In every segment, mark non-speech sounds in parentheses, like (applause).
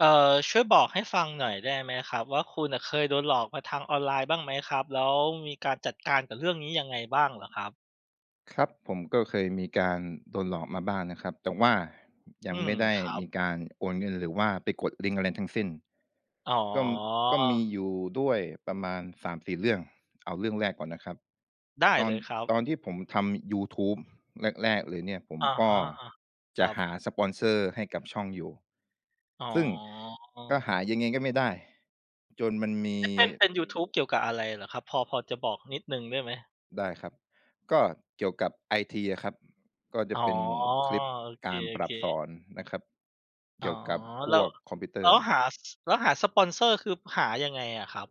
เอ่อ ช่วยบอกให้ฟังหน่อยได้ไหมครับว่า คุณน่ะเคยโดนหลอกมาทางออนไลน์บ้างไหมครับ? แล้วมีการจัดการกับเรื่องนี้ยังไงบ้างเหรอครับ? ครับผม ก็เคยมีการโดนหลอกมาบ้างนะครับ แต่ว่ายอัืงไมม ่ได้ครัมบ ีการโอนเงิน หรือว่าไปกดลิงก์อะไรทั้งสิ้น อ๋ก็ ก็มีอ อยู่ด้วยประมาณ 3-4 เรื่อง เอาเรื่องแรกก่อนนะครับ ได้ตอเน ลยครับ ตอนที่ผมทำ ยูทูบแรก ๆ เลยเนี่ย ผมอะกฮ็ะ อา คจะรับ หาสปอนเซอร์ให้กับช่องอยู่ อ๋ซึ่งก็อ หายังไงก็ไม่ได้ จนมันมี เอ๊ะ เป็น เป็นยูทูบเกี่ยวกับอะไรเหรอครับ พอ พอจะบอกนิดหนึ่งได้ไหม? ได้ครับ ก็เกี่ยวกับไอทีอะครับ ก็จอะ๋อ เป็นคลิปโอเการปรค ับสๆ อนนะครับ อ๋เกอ ี่ยวกับพแล้วว กคอมพิวเตแลอ้รว์ หา ส แล้วหาสปอนเซอร์ คือหายังไงอะครับ?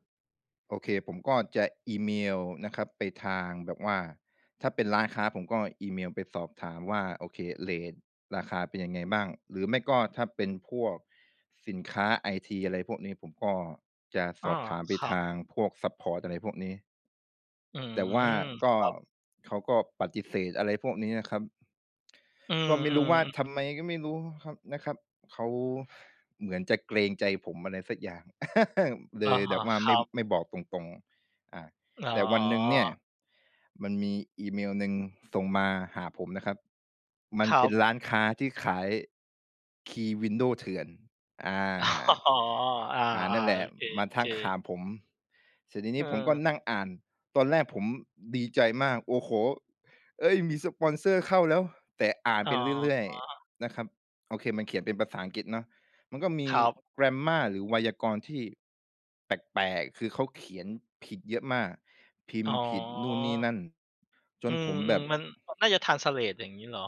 โอเค ผมก็จะอีเมลนะครับไปทางแบบว่า ถ้าเป็นร้านค้าผมก็อีเมลไปสอบถามว่า โอเค เรตราคาเป็นยังไงบ้าง หรือไม่ก็ถ้าเป็นพวกสินค้าไอที อะไรพวกนี้ ผมก็จะอส๋อ อบถามไปครัทบ างพวกซัปพอร์ต อะไรพวกนี้ อืแต่ว่าม กค็ รับ เขาก็ปฏิเสธ อะไรพวกนี้อะครับ อืก็ไม่รู้ว่า ทม ๆ ำไมก็ไม่รู้ครับ นะครับ เขาเหมือนจะเกรงใจผม อะไรสักอย่าง (laughs) เลอะยฮแบะ บว่าคไมร่ ับ ไม่บอกตรง ๆ อา อ๋อ แต่วันหนึ่งเนี่ยมันมีอีเมลหนึ่งส่งมาหาผมนะครับ มันครเปั็นบ ร้านค้าที่ขาย คีย์ Window เถื่อน อา อ๋อ อา อา นั่นแหๆ ลโอะ เมาทค ักหๆ าผม เสร็จทีเนี้ผมก็ออ นั่งอ่าน ตอนแรกผมดีใจมาก "โอ้โฮ เฮ้ย มีสปอนเซอร์เข้าแล้ว!" แต่อ่านอ๋ไปอ เรื่อย ๆ นะครับ โอเค มันเขียนเป็นภาษาอังกฤษเนาะ มันก็มี ครับ Grammar หรือไวยากรณ์ที่แปลก ๆ คือเขาเขียนผิดเยอะมาก พิมอ๋อ พ์ผิดนู่นนี่นั่น จอืนผม มแบบ ๆ มัน ก น่าจะ ทรานสเลต อย่างงี้เหรอ?